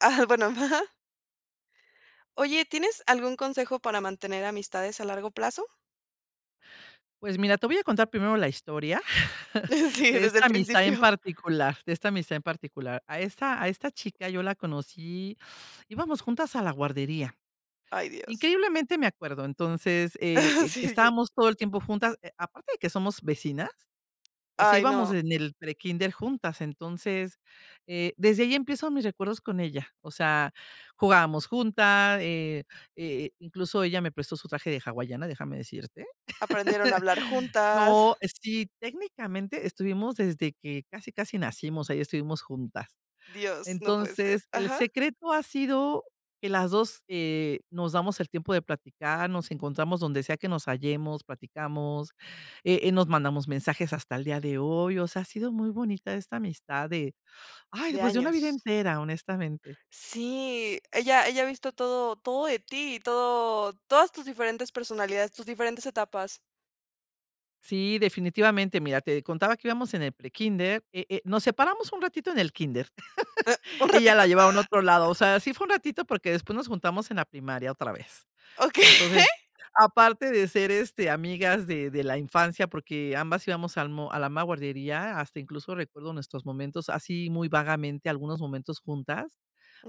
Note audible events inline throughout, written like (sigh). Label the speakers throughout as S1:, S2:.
S1: Ah, bueno, ajá. Oye, ¿tienes algún consejo para mantener amistades a largo plazo?
S2: Pues mira, te voy a contar primero la historia (chuckles)
S1: Sí,
S2: de
S1: desde el
S2: esta amistad en
S1: principio.
S2: particular de esta amistad en particular. A esta a esta chica yo la conocí, íbamos juntas a la guardería.
S1: Ay, Dios.
S2: Increíblemente me acuerdo. Entonces, eh,
S1: (chuckles)
S2: e
S1: Sí, ya.
S2: estábamos todo el tiempo juntas, aparte de que somos vecinas, o sea,
S1: Ay,
S2: íbamos
S1: no.
S2: en el prekinder juntas. Entonces, eh, desde ahí empiezo mis recuerdos con ella. O sea, jugábamos junta, eh eh, incluso ella me prestó su traje de hawaiana, déjame decirte.
S1: Aprendieron a hablar
S2: (chuckles)
S1: juntas.
S2: No, eh sí, técnicamente estuvimos desde que casi casi nacimos, ahí estuvimos juntas.
S1: Dios, no puede ser.
S2: Entonces el
S1: Ajá.
S2: secreto ha sido, que las 2, eh, nos damos el tiempo de platicar, nos encontramos donde sea que nos hallemos, platicamos, eh eh, nos mandamos mensajes hasta el día de hoy. O sea, ha sido muy bonita esta amistad de, ay,
S1: De
S2: pues, de una vida
S1: años.
S2: entera, honestamente.
S1: Sí, ella ella ha visto todo todo de ti y todo todas tus diferentes personalidades, tus diferentes etapas.
S2: Sí, definitivamente. Mira, te contaba que íbamos en el prekínder. Eh eh, nos separamos un ratito en el kínder.
S1: Eh, un
S2: (laughs) Ella
S1: ratito,
S2: la llevaron a
S1: ah.
S2: otro lado. O sea, así fue un ratito, porque después nos juntamos en la primaria otra vez.
S1: Okey.
S2: Entonces, aparte de ser este, amigas de de la infancia, porque ambas íbamos al mo a la misma guardería, hasta incluso recuerdo nuestros momentos, así muy vagamente, algunos momentos juntas,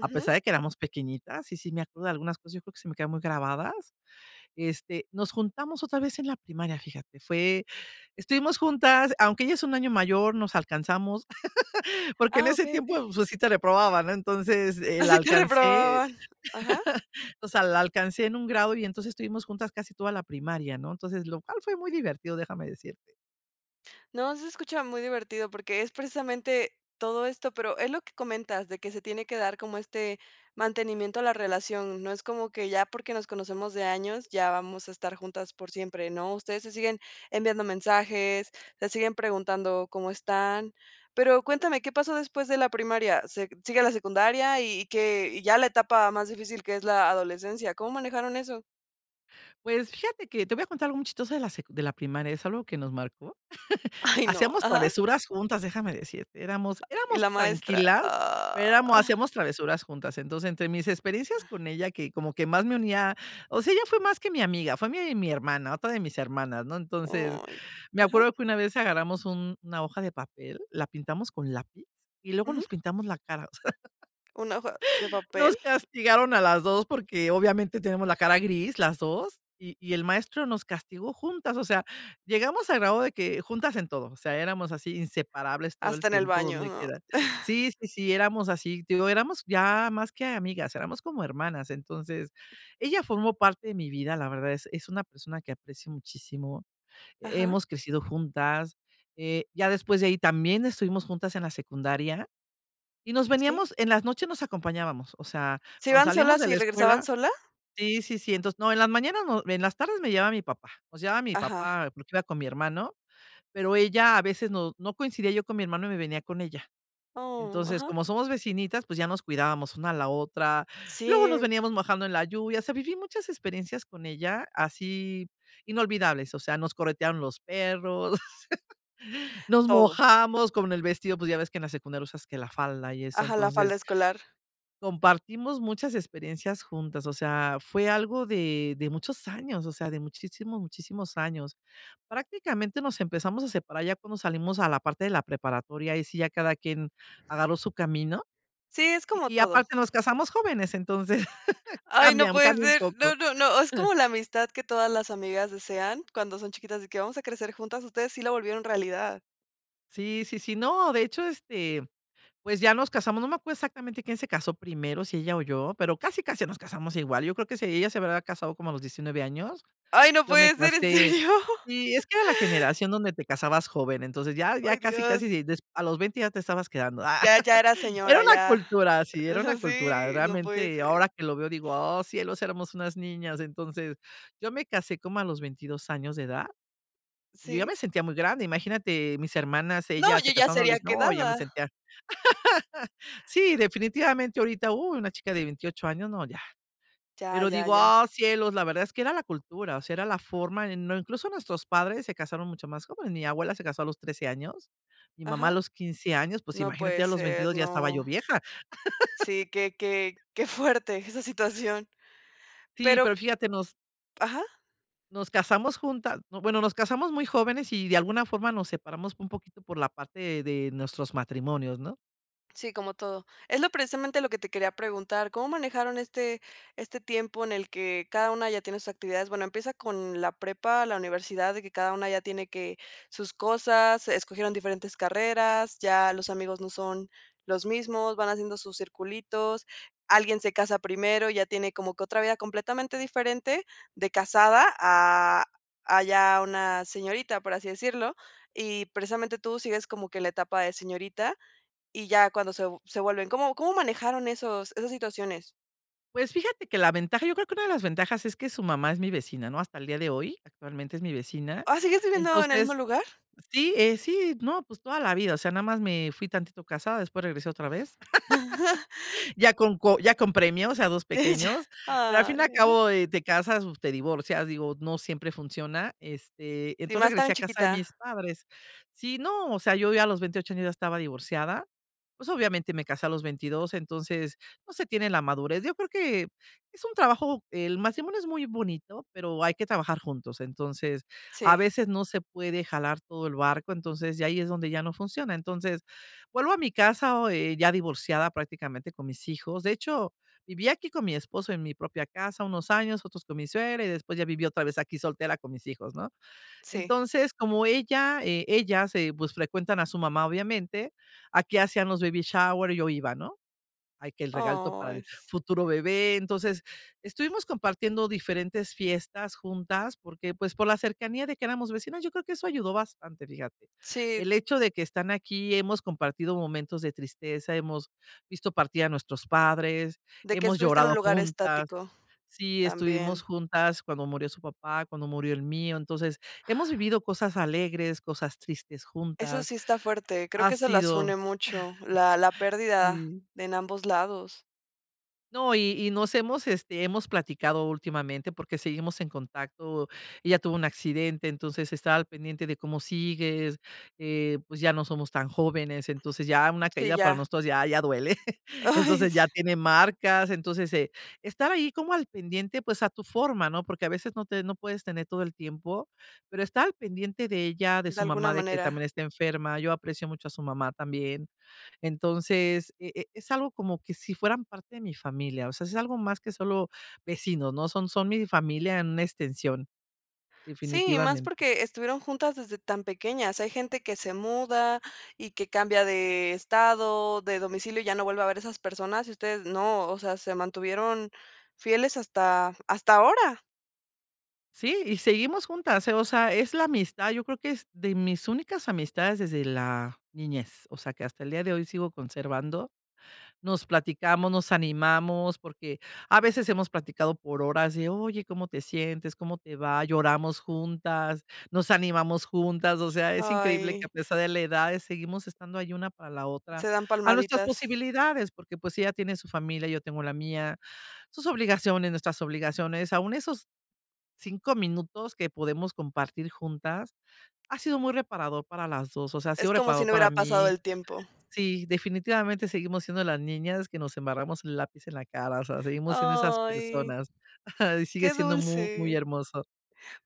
S2: a pesar de que éramos pequeñitas y sí me acuerdo de algunas cosas. Yo creo que se me quedaron muy grabadas. Este, nos juntamos otra vez en la primaria, fíjate. Fue estuvimos juntas, aunque ella es un año mayor, nos alcanzamos (laughs) porque en
S1: Ah,
S2: ese
S1: okey,
S2: tiempo
S1: okey.
S2: pues sí te reprobaban, ¿no? Entonces eh (chuckles) la
S1: Asi te
S2: alcancé,
S1: reprobaban. Ajá.
S2: (chuckles) o sea, la alcancé en un grado y entonces estuvimos juntas casi toda la primaria, ¿no? Entonces, lo cual fue muy divertido, déjame decirte.
S1: No, sí se escucha muy divertido porque es precisamente todo esto, pero es lo que comentas, de que se tiene que dar como este mantenimiento a la relación. No es como que ya porque nos conocemos de años, ya vamos a estar juntas por siempre, ¿no? Ustedes se siguen enviando mensajes, se siguen preguntando cómo están. Pero cuéntame, ¿qué pasó después de la primaria? se sigue la secundaria y que y ya la etapa más difícil, que es la adolescencia. ¿Cómo manejaron eso?
S2: Pues fíjate que te voy a contar algo chistosa de la sec de la primaria, es algo que nos marcó.
S1: Ay, no.
S2: (chuckles) Hacíamos
S1: Ajá.
S2: travesuras juntas, déjame decirte, éramos
S1: Y
S2: éramos
S1: la maestra.
S2: tranquilas, pero éramos
S1: Ah.
S2: hacíamos travesuras juntas. Entonces, entre mis experiencias con ella, que como que más me unía o sea, ella fue más que mi amiga, fue mi mi hermana, otra de mis hermanas, ¿no? Entonces,
S1: Ay.
S2: me
S1: Ajá.
S2: acuerdo que una vez agarramos un una hoja de papel, la pintamos con lápiz y luego
S1: Ujú.
S2: nos pintamos la cara. (laughs) O sea,
S1: Una hoja ¿de papel?
S2: nos castigaron a las 2, porque obviamente tenemos la cara gris, las 2 y y el maestro nos castigó juntas. O sea, llegamos al grado de que juntas en todo, o sea, éramos así inseparables todo el
S1: Hasta en el
S2: tiempo
S1: baño,
S2: donde
S1: ¿no?
S2: quiera.
S1: (chuckles)
S2: Sí sí sí éramos así. Te digo, éramos ya más que amigas, éramos como hermanas. Entonces ella formó parte de mi vida. La verdad es es una persona que aprecio muchísimo.
S1: Ajá.
S2: Hemos crecido juntas, eh, ya después de ahí también estuvimos juntas en la secundaria y nos
S1: Sí.
S2: veníamos en las noches nos acompañábamos. O sea,
S1: ¿Se
S2: cuando
S1: iban
S2: salíamos
S1: solas
S2: de
S1: y
S2: la
S1: regresaban
S2: escuela.
S1: sola?
S2: Sí sí sí, entonces no, en las mañanas, en las tardes me llevaba mi papá, nos llevaba mi
S1: Ajá.
S2: papá porque iba con mi hermano, pero ella a veces no no coincidía yo con mi hermano y me venía con ella.
S1: Oh,
S2: Entonces,
S1: ajá.
S2: como somos vecinitas, pues ya nos cuidábamos una a la otra. Luego nos
S1: Sí.
S2: veníamos mojando en la lluvia. O sea, viví muchas experiencias con ella, así inolvidables. O sea, nos corretearon los perros, (laughs) nos
S1: Todo.
S2: mojamos con el vestido, pues ya ves que en la secundaria usas que la falda y eso.
S1: Ajá, la falda
S2: Entonces
S1: escolar.
S2: compartimos muchas experiencias juntas, o sea, fue algo de de muchos años, o sea, de muchísimos, muchísimos años. Prácticamente nos empezamos a separar ya cuando salimos a la parte de la preparatoria, ahí sí ya cada quien agarró su camino.
S1: Sí, es como
S2: Y
S1: todo.
S2: aparte nos casamos jóvenes, entonces (chuckles)
S1: Ay, no
S2: cambian
S1: puede
S2: cambia un
S1: ser.
S2: poco.
S1: No, no, no, es como la amistad que todas las amigas desean cuando son chiquitas, de que vamos a crecer juntas. Ustedes sí lo volvieron realidad.
S2: Sí, sí, sí, no, de hecho, este, pues, ya nos casamos, no me acuerdo exactamente quién se casó primero, si ella o yo, pero casi casi nos casamos igual, yo creo que si ella se habrá casado como a los 19 años.
S1: Ay, no
S2: Yo me
S1: puede ser. ¿En
S2: casé
S1: serio?
S2: y es que era la generación donde te casabas joven. Entonces, ya ya
S1: Ay,
S2: casi casi
S1: Dios.
S2: de a los 20 ya te estabas quedando.
S1: Ya ya era
S2: (giggles) Era
S1: señora,
S2: una
S1: ya.
S2: cultura así, era una
S1: Eso
S2: cultura
S1: sí, no puede
S2: realmente,
S1: ser.
S2: ahora que lo veo, digo: "Oh, cielos, éramos unas niñas". Entonces yo me casé como a los 22 años de edad y yo ya
S1: ¿Sí?
S2: me sentía muy grande. Imagínate, mis hermanas,
S1: No,
S2: ellas
S1: yo
S2: se
S1: ya
S2: casaron,
S1: sería
S2: no ya me
S1: quedada.
S2: sentían. (giggles) Sí, definitivamente, ahorita, uh, una chica de 28 años, no, ya,
S1: Ya,
S2: pero
S1: ya,
S2: digo
S1: ya.
S2: ah cielos. La verdad es que era la cultura, o sea, era la forma en no, incluso nuestros padres se casaron mucho más joven, mi abuela, se casó a los 13 años. Mi mamá
S1: Ajá.
S2: a los 15 años, pues
S1: No
S2: imagínate,
S1: puede
S2: ya los
S1: ser,
S2: 22 ya estaba yo
S1: no.
S2: vieja.
S1: Sí,
S2: (giggles)
S1: que que que fuerte esa situación.
S2: Sí,
S1: Pero
S2: pero fíjate, nos
S1: Ajá.
S2: nos casamos juntas, no, bueno, nos casamos muy jóvenes y de alguna forma nos separamos un poquito por la parte de nuestros matrimonios, ¿no?
S1: Sí, como todo. Es lo precisamente lo que te quería preguntar. ¿Cómo manejaron este, este tiempo en el que cada una ya tiene sus actividades? Bueno, empieza con la prepa, la universidad, de que cada una ya tiene que sus cosas, escogieron diferentes carreras, ya los amigos no son los mismos, van haciendo sus circulitos, alguien se casa primero, ya tiene como que otra vida completamente diferente de casada a, a ya una señorita, por así decirlo, y precisamente tú sigues como que la etapa de señorita y ya cuando se se vuelven ¿Cómo cómo manejaron esos esas situaciones?
S2: Pues fíjate que la ventaja, yo creo que una de las ventajas es que su mamá es mi vecina, ¿no? Hasta el día de hoy, actualmente es mi vecina.
S1: ¿Ah sigues viviendo en el mismo
S2: Entonces.
S1: lugar?
S2: Sí, eh, si no, pues toda la vida, o sea, nada más me fui tantito casada, después regresé otra vez.
S1: (giggles)
S2: (laughs) Ya con co ya con premios o sea 2
S1: Ella.
S2: pequeños, pero al fin y
S1: Ay.
S2: al
S1: Ajá.
S2: cabo, eh, te casas, te divorcias, digo, no siempre funciona, este,
S1: Y
S2: entonces
S1: más
S2: regresé
S1: tan
S2: a casa de mis
S1: chiquita.
S2: padres. Sí, no, o sea, yo ya a los 28 años ya estaba divorciada, pues obviamente me casé a los 22, entonces no se tiene la madurez. Yo creo que es un trabajo, el matrimonio es muy bonito, pero hay que trabajar juntos. Entonces, a
S1: Sí.
S2: veces no se puede jalar todo el barco, entonces ya ahí es donde ya no funciona. Entonces, vuelvo a mi casa o eh, ya divorciada prácticamente con mis hijos. De hecho, viví aquí con mi esposo en mi propia casa unos años, otros con mi suegra y después ya viví otra vez aquí soltera con mis hijos, ¿no?
S1: Sí.
S2: Entonces, como ella, eh, ella se, pues se frecuentan a su mamá obviamente, aquí hacían los babyshowers y yo iba no, ay, que el regalo para
S1: Oh.
S2: el futuro bebé. Entonces estuvimos compartiendo diferentes fiestas juntas porque, pues, por la cercanía de que éramos vecinas, yo creo que eso ayudó bastante, fíjate.
S1: Sí.
S2: El hecho de que están aquí, hemos compartido momentos de tristeza, hemos visto partir a nuestros padres,
S1: De que
S2: hemos
S1: estuviste en un
S2: llorado
S1: lugar
S2: juntas.
S1: estático,
S2: Sí, estuvimos
S1: también.
S2: juntas cuando murió su papá, cuando murió el mío. Entonces hemos vivido cosas alegres, cosas tristes
S1: Eso
S2: juntas.
S1: sí está fuerte, creo
S2: Ha
S1: que eso las
S2: sido,
S1: une mucho, la la
S2: (chuckles)
S1: pérdida.
S2: sí.
S1: En ambos lados.
S2: No, y y nos hemos, este, hemos platicado últimamente, porque seguimos en contacto. Ella tuvo un accidente, entonces he estado al pendiente de, ¿cómo sigues?, eh, pues, ya no somos tan jóvenes. Entonces ya una
S1: Sí,
S2: caída para
S1: ya.
S2: nosotros, ya ya duele,
S1: Ay.
S2: entonces ya tiene marcas. Entonces, eh, estar ahí como al pendiente, pues, a tu forma, ¿no? Porque a veces no te no puedes tener todo el tiempo, pero estar al pendiente de ella, de
S1: De
S2: su
S1: alguna
S2: mamá, de que también
S1: manera.
S2: está enferma. Yo aprecio mucho a su mamá también. Entonces eh eh, es algo como que si fueran parte de mi familia, o sea, es algo más que solo vecinos, no, son son mi familia en una extensión.
S1: Sí, y más
S2: Definitivamen
S1: porque, estuvieron juntas desde tan pequeñas. Hay gente que se muda y que cambia de estado, de domicilio, y ya no vuelve a ver esas personas, y ustedes no, o sea, se mantuvieron fieles hasta hasta ahora.
S2: Sí, y seguimos juntas, eh, o sea, es la amistad. Yo creo que es de mis únicas amistades desde la niñez. O sea, que hasta el día de hoy sigo conservando. Nos platicamos, nos animamos porque, a veces hemos platicado por horas de oye, ¿cómo te sientes, cómo te va? Lloramos juntas, nos animamos juntas. O sea, es increíble que
S1: Ay.
S2: a pesar de la edad seguimos estando ahí una para la otra,
S1: Se dan
S2: a nuestras
S1: palmaditas.
S2: posibilidades, porque pues ella tiene su familia, yo tengo la mía, sus obligaciones, nuestras obligaciones. Aún esos 5, minutos que podemos compartir juntas ha sido muy reparador para las dos. O sea, ha
S1: Es
S2: sido
S1: como si
S2: reparador
S1: no
S2: para
S1: hubiera pasado
S2: mí.
S1: el tiempo.
S2: Sí, definitivamente seguimos siendo las niñas que nos embarramos el lápiz en la cara. O sea, seguimos siendo esas
S1: Ay.
S2: personas (chuckles) y sigue
S1: Qué
S2: siendo mu muy
S1: dulce.
S2: hermoso.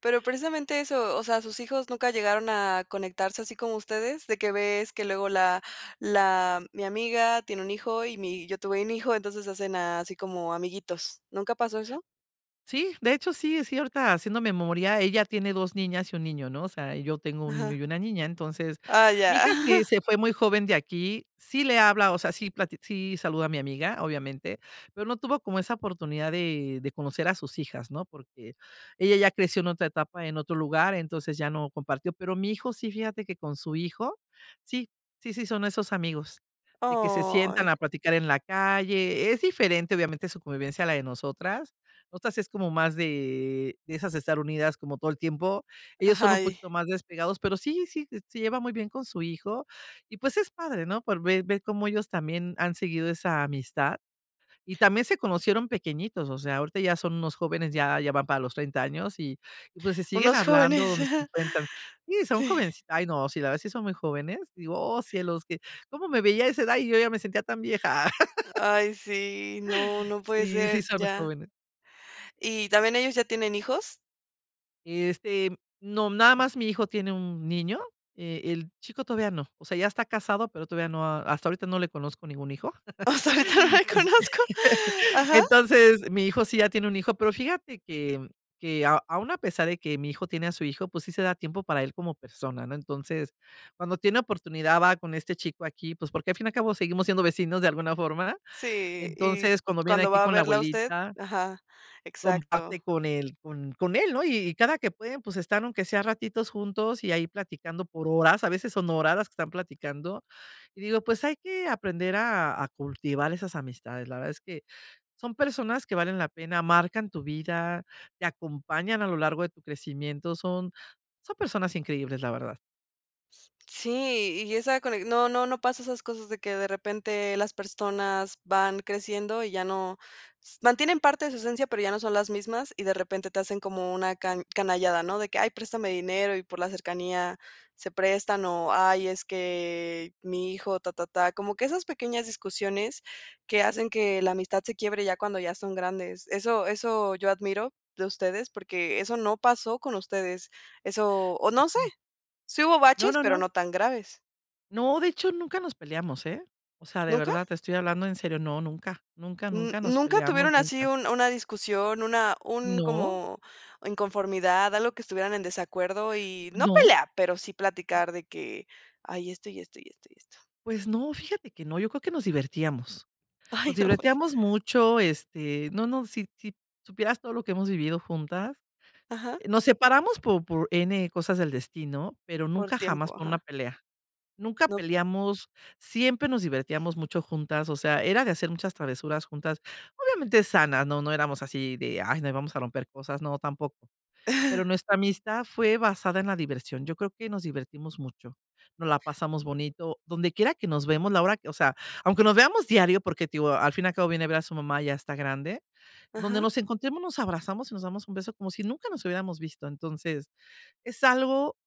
S1: Pero, precisamente eso, o sea, sus hijos nunca llegaron a conectarse así como ustedes, de que ves que luego la la mi amiga tiene un hijo y mi yo tuve un hijo, entonces hacen a así como amiguitos, ¿nunca pasó eso?
S2: Sí, de hecho, sí, es cierta, haciendo memoria. Ella tiene 2, niñas y 1, niño, ¿no? O sea, y yo tengo 1, niño
S1: Ajá.
S2: y 1, niña. Entonces,
S1: Ah,
S2: mi
S1: ya.
S2: hija sí
S1: (chuckles)
S2: se fue muy joven de aquí. Sí le habla, o sea, sí plati sí saluda a mi amiga, obviamente, pero no tuvo como esa oportunidad de de conocer a sus hijas, ¿no? Porque ella ya creció en otra etapa, en otro lugar, entonces ya no compartió. Pero mi hijo sí, fíjate que con su hijo sí sí, sí, son esos amigos de que se sientan
S1: Ay.
S2: a platicar en la calle. Es diferente, obviamente, su convivencia a la de nosotras. Nosotras es como más de de esas estar unidas como todo el tiempo. Ellos son
S1: Ajá.
S2: un
S1: Y
S2: poquito más despegados, pero sí, sí, s se lleva muy bien con su hijo y pues, es padre, no pues ver ver cómo ellos también han seguido esa amistad y también se conocieron pequeñitos. O sea, ahorita ya son unos jóvenes, ya ya van para los 30, años y pues se siguen
S1: Unos
S2: hablando
S1: jóvenes.
S2: donde se
S1: (chuckles)
S2: encuentran. Sí, son
S1: Sí.
S2: jovencit ay, no, la verdad si son muy jóvenes, digo, oh, cielos que cómo me veía a esa edad y yo ya me sentía tan vieja. (laughs)
S1: Ay, sí, no, no puede
S2: Sí,
S1: ser.
S2: sí son
S1: Ya.
S2: jóvenes.
S1: ¿Y también ellos, ya tienen hijos?
S2: Este, no, nada más, mi hijo tiene un niño. Eh, el chico todavía no, o sea, ya está casado, pero, todavía no, hasta ahorita no le conozco ningún hijo.
S1: Hasta ahorita no
S2: Este,
S1: conozco. Ajá.
S2: entonces, mi hijo sí ya tiene un hijo, pero, fíjate que que, aun a pesar de que mi hijo tiene a su hijo, pues, sí se da tiempo para él como persona, ¿no? Entonces, cuando tiene oportunidad, va con este chico aquí, pues porque al fin y al cabo seguimos siendo vecinos de alguna forma.
S1: Sí, y
S2: Entonces, cuando viene
S1: cuando
S2: aquí
S1: va a
S2: con la
S1: verla usted,
S2: abuelita
S1: ajá, exacto.
S2: comparte con él con con él, ¿no? Y cada que pueden, pues, están aunque sea ratitos juntos y ahí platicando por horas, a veces son horas las que están platicando. Y digo, pues hay que aprender a a cultivar esas amistades. La verdad es que son personas que valen la pena, marcan tu vida, te acompañan a lo largo de tu crecimiento. Son son personas increíbles, la verdad.
S1: Sí, y esa cone no no no pasa esas cosas de que de repente las personas van creciendo, y ya no s mantienen parte de su esencia, pero, ya no son las mismas, y de repente te hacen como una ca canallada, ¿no? De que: "Ay préstame dinero", y por la cercanía se prestan, o, "Ay, es que mi hijo", ta, ta, ta. Como que esas pequeñas discusiones que hacen que la amistad se quiebre ya cuando ya son grandes. Eso eso yo admiro de ustedes, porque, eso no pasó con ustedes. Eso, o, no sé,
S2: Ujú.
S1: sí hubo
S2: No,
S1: baches,
S2: no,
S1: pero
S2: no.
S1: no tan graves.
S2: No, de hecho, nunca nos peleamos, eh, o sea, de
S1: ¿Nunca?
S2: verdad, te estoy hablando en serio, no, nunca, nunca,
S1: Mm,
S2: nunca nos
S1: ¿nunca
S2: peleamos,
S1: tuvieron así
S2: nunca.
S1: un una discusión, una un
S2: No.
S1: como inconformidad, algo que estuvieran en desacuerdo? y no
S2: No.
S1: pelea, pero sí platicar de que ay, esto, y esto, y esto, y esto.
S2: Pues no, fíjate que no, yo creo que nos divertíamos nos
S1: Ay, no pue (laughs)
S2: divertíamos mucho, este, no no, si si supieras todo lo que hemos vivido juntas,
S1: Ajá.
S2: nos separamos por por n cosas del destino, pero,
S1: Por
S2: nunca jamás
S1: tiempo,
S2: por una
S1: ajá.
S2: pelea, nunca
S1: No.
S2: peleamos. Siempre nos divertíamos mucho juntas. O sea, era de hacer muchas travesuras juntas, obviamente sanas. No no éramos así de: "Ay, no, vamos a romper cosas", no tampoco. Pero,
S1: Ah.
S2: nuestra amistad fue basada en la diversión. Yo creo que nos divertimos mucho, nos la pasamos bonito, donde quiera que nos vemos la hora que, o sea, aunque nos veamos diario, porque al fin y al cabo viene a ver a su mamá, ya está grande, donde
S1: Ajá.
S2: nos encontremos, nos abrazamos y nos damos un beso, como si nunca nos hubiéramos visto. Entonces es algo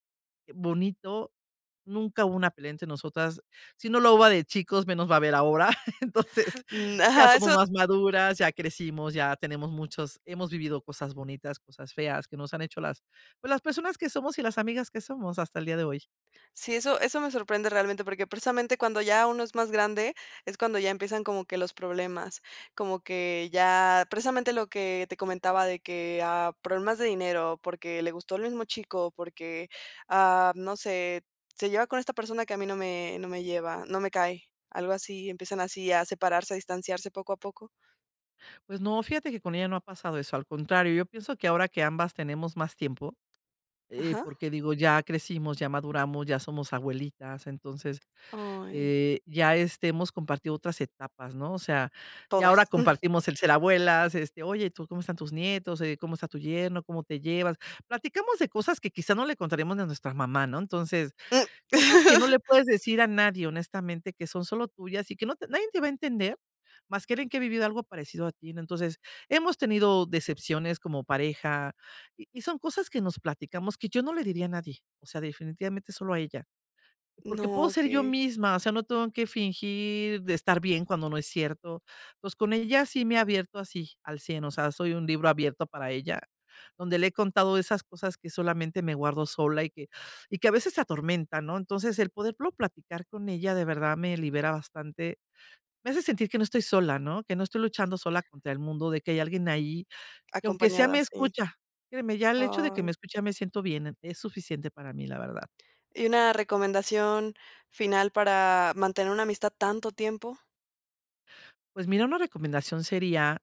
S2: bonito, nunca hubo una pelea entre nosotras, si no lo hubo de chicos, menos lo va a haber ahora. (laughs) Entonces
S1: N
S2: ya
S1: ajá,
S2: somos
S1: eso.
S2: más maduras, ya crecimos, ya tenemos muchos hemos vivido cosas bonitas, cosas feas que nos han hecho las pues, las personas que somos y las amigas que somos hasta el día de hoy.
S1: Sí, eso eso me sorprende realmente porque, precisamente cuando ya uno es más grande, es cuando ya empiezan como que los problemas, como que ya, precisamente lo que te comentaba de que, ah, problemas de dinero, porque, le gustó el mismo chico o porque, ah, no sé, se lleva con esta persona que a mí no me no me lleva, no me cae, algo así. Empiezan así a separarse, a distanciarse poco a poco.
S2: Pues no, fíjate que con ella no ha pasado eso, al contrario, yo pienso que ahora que ambas tenemos más tiempo, eh,
S1: Ajá.
S2: porque, digo, ya crecimos, ya maduramos, ya somos abuelitas, entonces,
S1: Ay.
S2: eh, ya este hemos compartido otras etapas, ¿no? O sea, ya ahora
S1: Todas. (chuckles)
S2: compartimos el ser abuelas. Este, oye, ¿tú cómo están tus nietos? Oye, ¿cómo está tu yerno? ¿Cómo te llevas? Platicamos de cosas que quizá no le contaremos de nuestra mamá, ¿no? Entonces,
S1: Mm.
S2: cosas que no le
S1: (laughs)
S2: puedes decir a nadie, honestamente, que son solo tuyas y que no te nadie te va a entender, más que alguien que ha vivido algo parecido a ti, ¿no? Entonces, hemos tenido decepciones como pareja, y y son cosas que nos platicamos que yo no le diría a nadie. O sea, definitivamente solo a ella. Porque puedo
S1: No,
S2: ser yo
S1: que
S2: misma, o sea, no tengo que fingir de estar bien cuando no es cierto. Pues, con ella sí me he abierto así al 100, o sea, soy un libro abierto para ella, donde le he contado de esas cosas que solamente me guardo sola y que (inhales) y que a veces se atormentan, ¿no? Entonces, el poderlo platicar con ella de verdad me libera bastante, me hace sentir que no estoy sola, ¿no?, que no estoy luchando sola contra el mundo, de que hay alguien ahí, que aunque sea me
S1: Acompañadas. Sí.
S2: escucha. Créeme, ya el hecho de que me
S1: Ay.
S2: escucha, ya me siento bien, es suficiente para mí, la verdad.
S1: Y una recomendación final, para mantener una amistad tanto tiempo.
S2: Pues mira, una recomendación sería,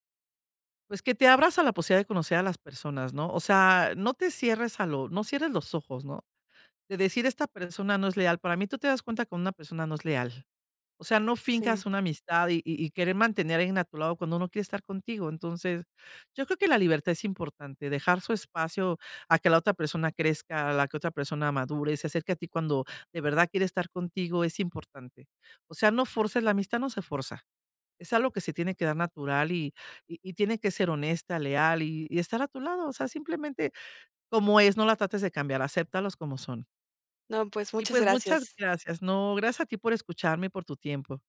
S2: pues, que te abras a la posibilidad de conocer a las personas, ¿no? O sea, no te cierres a lo no cierres los ojos, ¿no?, de decir esta persona no es leal. Para mí, tú te das cuenta que una persona no es leal, o sea, no
S1: Sí.
S2: finjas una amistad y y querer mantener a alguien a tu lado cuando no quiere estar contigo. Entonces yo creo que la libertad es importante, dejar su espacio a que la otra persona crezca, a la que otra persona madure, se acerque a ti cuando de verdad quiere estar contigo, es importante. O sea, no fuerces la amistad, no, se forza. Es algo que se tiene que dar natural y y tiene que ser honesta, leal y y estar a tu lado. O sea, simplemente como es, no la trates de cambiar, aceptalos como son.
S1: No pues,
S2: Y,
S1: muchas
S2: pues muchas
S1: gracias.
S2: gracias, no, gracias a ti por escucharme y por tu tiempo.